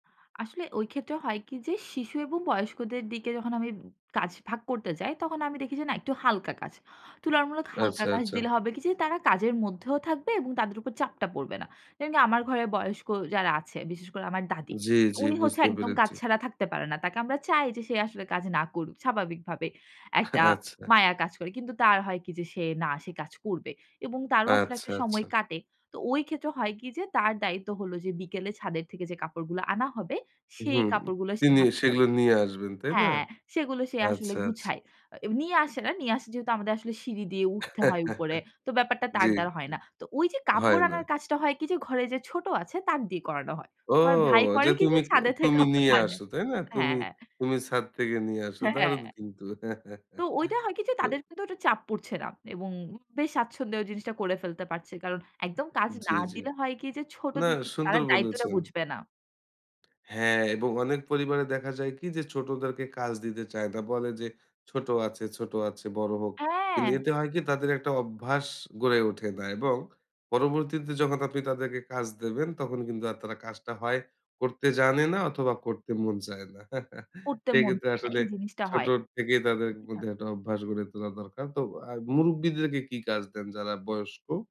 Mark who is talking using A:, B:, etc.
A: আসলে ঐ ক্ষেত্রে হয় কি? যে, শিশু এবং বয়স্কদের দিকে যখন আমি কাজ ভাগ করতে যাই, তখন আমি দেখি যে, না, একটু হালকা কাজ। তুলনামূলক হালকা
B: আচ্ছা,
A: কাজ
B: আচ্ছা।
A: দিলে হবে কি? যে, তারা কাজের মধ্যেও থাকবে এবং তাদের উপর চাপটা পড়বে না। যেমন কি? আমার ঘরে বয়স্ক যারা আছে, বিশেষ করে আমার দাদী।
B: জি, জি,
A: উনি হচ্ছে
B: বুঝতে
A: একদম কাজ
B: পেরেছি।
A: ছাড়া থাকতে পারে না। তাকে আমরা চাই যে, সে আসলে কাজ না করুক। স্বাভাবিকভাবে, একটা
B: আচ্ছা।
A: মায়া কাজ করে। কিন্তু তার হয় কি? যে, সে না সে কাজ করবে এবং তারও আসলে
B: আচ্ছা,
A: একটা সময়
B: আচ্ছা।
A: কাটে। তো ওই ক্ষেত্রে হয় কি? যে, তার দায়িত্ব হলো যে, বিকেলে ছাদের থেকে যে, কাপড়গুলো আনা হবে, সেই
B: হুম,
A: কাপড়গুলো সে
B: তিনি
A: ভাজ করে
B: সেগুলো নিয়ে আসবেন, তাই না?
A: হ্যাঁ, সেগুলো সে আসলে
B: আচ্ছা, আচ্ছা।
A: গুছায়। এ নিয়ে আসে না। নিয়ে আসা, যেহেতু আমাদের আসলে সিঁড়ি দিয়ে উঠতে হয় উপরে। তো ব্যাপারটা
B: জি,
A: তার দ্বারা হয়
B: জি।
A: না। তো ওই যে,
B: হয়
A: কাপড়
B: না।
A: আনার কাজটা হয় কি? যে, ঘরে যে, ছোট আছে, তাকে দিয়ে করানো হয়।
B: ও!
A: আমার ভাই
B: যে,
A: করে কি? যে,
B: তুমি, এ
A: ছাদে থেকে
B: তুমি
A: কাপড়
B: নিয়ে
A: আনে
B: আসো, তাই না?
A: হ্যাঁ,
B: তুমি,
A: হ্যাঁ।
B: তুমি ছাদ থেকে নিয়ে আসো।
A: হ্যাঁ,
B: দারুণ
A: হ্যাঁ।
B: কিন্তু।
A: তো ওইটা হয় কি? যে,
B: তো
A: তাদের কিন্তু ওইটা চাপ পড়ছে না এবং বেশ স্বচ্ছন্দে জিনিসটা করে ফেলতে পারছে। কারণ একদম কাজ না
B: জি, জি।
A: দিলে হয় কি? যে, ছোট
B: না,
A: থেকে তারা
B: সুন্দর
A: দায়িত্বটা
B: বলেছেন।
A: বুঝবে না।
B: হ্যাঁ। এবং অনেক পরিবারে দেখা যায় কি? যে, ছোটদেরকে কাজ দিতে চায় না। বলে যে, "ছোট আছে, ছোট আছে, বড় হোক।" কিন্তু
A: হ্যাঁ।
B: এতে হয় কি? তাদের একটা অভ্যাস গড়ে ওঠে না এবং পরবর্তীতে যখন আপনি তাদেরকে কাজ দেবেন, তখন কিন্তু তারা কাজটা হয় করতে জানে না অথবা করতে মন চায় না।
A: করতে মন
B: সেক্ষেত্রে
A: থাকে না।
B: আসলে
A: এই জিনিসটা
B: ছোট
A: হয়।
B: থেকেই তাদের
A: [unintelligible]
B: মধ্যে একটা অভ্যাস গড়ে তোলা দরকার। তো আ মুরুব্বিদেরকে কি কাজ দেন, যারা বয়স্ক?